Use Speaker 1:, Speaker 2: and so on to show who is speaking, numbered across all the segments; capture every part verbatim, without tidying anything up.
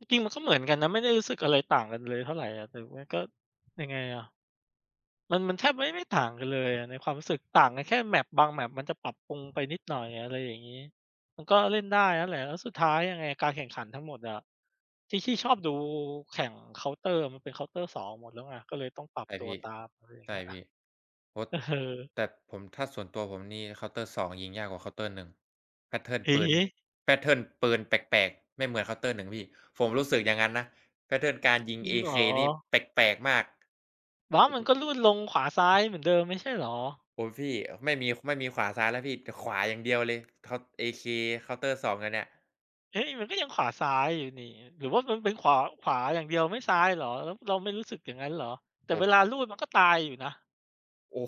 Speaker 1: จริง ๆ มันก็เหมือนกันนะ ไม่ได้รู้สึกอะไรต่างกันเลยเท่าไรอะ แต่มันก็ยังไงอะ มัน มันแทบไม่ ไม่ต่างกันเลยอะในความรู้สึก ต่างกันแค่ Map บาง Map มันจะปรับปรุงไปนิดหน่อย อะไรอย่างงี้ มันก็เล่นได้นั่นแหละ แล้วสุดท้ายยังไงการแข่งขันทั้งหมดอะ ที่ ที่ชอบดูแข่ง Counter อะ มันเป็น Counter 2 หมดแล้วไง ก็เลยต้องปรับ
Speaker 2: ใช่
Speaker 1: ตั
Speaker 2: พ
Speaker 1: ว
Speaker 2: ี่
Speaker 1: ตาม อะไรอย่า
Speaker 2: ใ
Speaker 1: ง
Speaker 2: ช
Speaker 1: เ
Speaker 2: ่
Speaker 1: งี้ย
Speaker 2: พี่ โอ้
Speaker 1: เออ
Speaker 2: แต่ผม ถ้าส่วนตัวผมนี่ Counter 2 ยิงยากกว่า Counter 1 แพตเทิร์น
Speaker 1: เอ
Speaker 2: ปื
Speaker 1: เ
Speaker 2: น
Speaker 1: อ๊
Speaker 2: แพตเทิร์น ปืนแปลก ๆ ไม่เหมือน Counter 1 พี่ ผมรู้สึกอย่างงั้นนะ แพตเทิร์น การยิง
Speaker 1: จริงเหรอ?
Speaker 2: AK นี่แปลก ๆ มาก
Speaker 1: ว่ามันก็รูดลงขวาซ้ายเหมือนเดิมไม่ใช่เหรอ?
Speaker 2: โอ๊ย พี่ ไม่มี ไม่มีขวาซ้ายแล้วพี่ จะขวาอย่างเดียวเลย Count AK Counter 2 อันเนี่ย
Speaker 1: เฮ้ย! มันก็ยังขวาซ้ายอยู่นี่ หรือว่ามันเป็นขวา ขวาอย่างเดียวไม่ซ้ายเหรอ? เราไม่รู้สึกอย่างงั้นเหรอ? แต่
Speaker 2: ผ
Speaker 1: เว
Speaker 2: ม
Speaker 1: ลารูดมันก็ตายอยู่นะ
Speaker 2: โอ้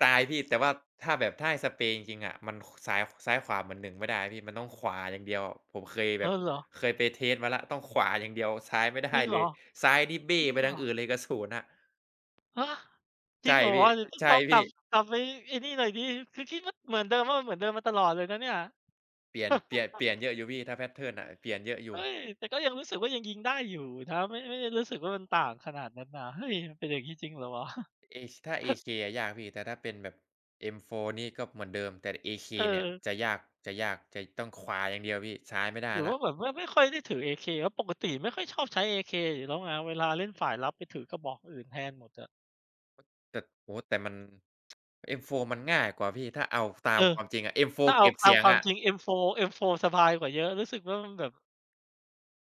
Speaker 2: ตายพี่ แต่ว่าถ้าแบบ ถ้าให้สเปรย์จริง ๆ อะ มัน ข ซ้าย ซ้ายขวาเหมือน หนึ่ง ไม่ได้พี่ มันต้องขวาอย่างเดียว ผมเคยแ
Speaker 1: เอ
Speaker 2: บบ
Speaker 1: อ เหรอ?
Speaker 2: เคยไป เทสต์ มาแล้ว ต้องขวาอย่างเดียวซ้ายไม่ได้
Speaker 1: จริงเ
Speaker 2: เ
Speaker 1: ห
Speaker 2: ล
Speaker 1: ร
Speaker 2: ย
Speaker 1: อ?
Speaker 2: ซ้ายนี่เบ้
Speaker 1: จริ
Speaker 2: ไ
Speaker 1: ง
Speaker 2: ป
Speaker 1: เหร
Speaker 2: ทา
Speaker 1: อ?
Speaker 2: งอื่นเลยกระสุนอะ
Speaker 1: ฮะ! จ
Speaker 2: ใช
Speaker 1: ริ
Speaker 2: ่
Speaker 1: งเหรอ?
Speaker 2: พี่
Speaker 1: เดี๋ยวต้อ
Speaker 2: ใช
Speaker 1: ง
Speaker 2: ่
Speaker 1: ลอง
Speaker 2: พ
Speaker 1: ก
Speaker 2: ี
Speaker 1: ล
Speaker 2: ่
Speaker 1: ับ กลับไปไอ้นี่หน่อยซิ คือคิดว่าเหมือนเดิม ว่ามันเหมือนเดิมมาตลอดเลยนะเนี่ย
Speaker 2: เปลี่ยน เปลี่ยน เปลี่ยนเยอะอยู่พี่ ถ้า แพตเทิร์น อะ เปลี่ยนเยอะอย
Speaker 1: เ
Speaker 2: ู
Speaker 1: ฮ
Speaker 2: ่
Speaker 1: ้ย! แต่ก็ยังรู้สึกว่ายังยิงได้อยู่นะ ไม่ ไม่ได้รู้สึกว่ามันต่างขนาดนั้นนะ เฮ้ย! มันเป็นอย่างงี้จริงเหรอวะ?
Speaker 2: A ถ้า AK อะยากพี่ แต่ถ้าเป็นแบบ M-four นี่ก็เหมือนเดิมแต่ AK เนี่ย
Speaker 1: เออ
Speaker 2: จะยาก จะยาก จะต้องขวาอย่างเดียวพี่ ซ้ายไม่ได้
Speaker 1: หรือ
Speaker 2: แล
Speaker 1: ว
Speaker 2: ้
Speaker 1: ่
Speaker 2: ว
Speaker 1: าแบบว่าไม่ค่อยได้ถือ AK เพราะปกติไม่ค่อยชอบใช้ AK อยู่แล้วไง เวลาเล่นฝ่ายรับไปถือกระบอกคนอื่นแทนหมดอะ
Speaker 2: ต แต่ โอ้โฮ! แต่มัน M-four มันง่ายกว่าพี่ ถ้าเอา ฟ ตา
Speaker 1: เอ
Speaker 2: ม
Speaker 1: อ
Speaker 2: ความจริงอะ
Speaker 1: ถ้
Speaker 2: M-four
Speaker 1: าเ
Speaker 2: เ
Speaker 1: อ
Speaker 2: ก
Speaker 1: า
Speaker 2: ็บ
Speaker 1: ค
Speaker 2: เส
Speaker 1: า
Speaker 2: ี
Speaker 1: ม
Speaker 2: ยง
Speaker 1: ควา
Speaker 2: อ
Speaker 1: ม
Speaker 2: ะ
Speaker 1: จริง M-four M-four สบายกว่าเยอะ รู้สึกว่ามันแบบ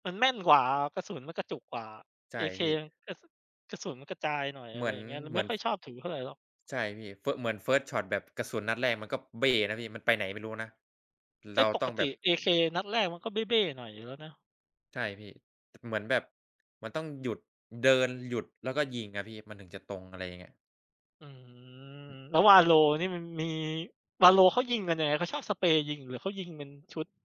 Speaker 1: มันแม่นกว่าอะ กระสุนมันกระจุกกว่า
Speaker 2: ใช่
Speaker 1: AK
Speaker 2: พี่
Speaker 1: กระ ส กระสุนมันกระจายหน่อย
Speaker 2: เ
Speaker 1: อ
Speaker 2: หม
Speaker 1: ะไร
Speaker 2: ือน
Speaker 1: อย่างเงี้ย เล
Speaker 2: เ
Speaker 1: ย
Speaker 2: หม
Speaker 1: ไ
Speaker 2: ื
Speaker 1: ม่
Speaker 2: อน
Speaker 1: ค่อ
Speaker 2: ฟ
Speaker 1: ยชอบถือเท่าไรหรอก
Speaker 2: ใช่พี่ เฟอะ เหมือน เฟิสต์ช็อต แบบกระสุนนัดแรกมันก็เบ้แล้วพี่ มันไปไหนไม่รู้นะ
Speaker 1: เ
Speaker 2: เ
Speaker 1: อ
Speaker 2: ร
Speaker 1: ๊ะ!
Speaker 2: า
Speaker 1: ป
Speaker 2: ต้
Speaker 1: ก
Speaker 2: อง
Speaker 1: ต
Speaker 2: แบ
Speaker 1: ิ
Speaker 2: บ
Speaker 1: AK นัดแรกมันก็เบ้ ๆ หน่อยอยู่แล้วนะ
Speaker 2: ใช่พี่ เหมือนแบบ มันต้องหยุด เดิน หยุด แล้วก็ยิงอะพี่ มันถึงจะตรง อะไรอย่างเงี้ย
Speaker 1: อืม
Speaker 2: อืม
Speaker 1: แล้ว Valo นี่มันมี Valo เขายิงกันยังไง? เขาชอบสเปรย์ยิงหรือเขายิงเป็นชุด?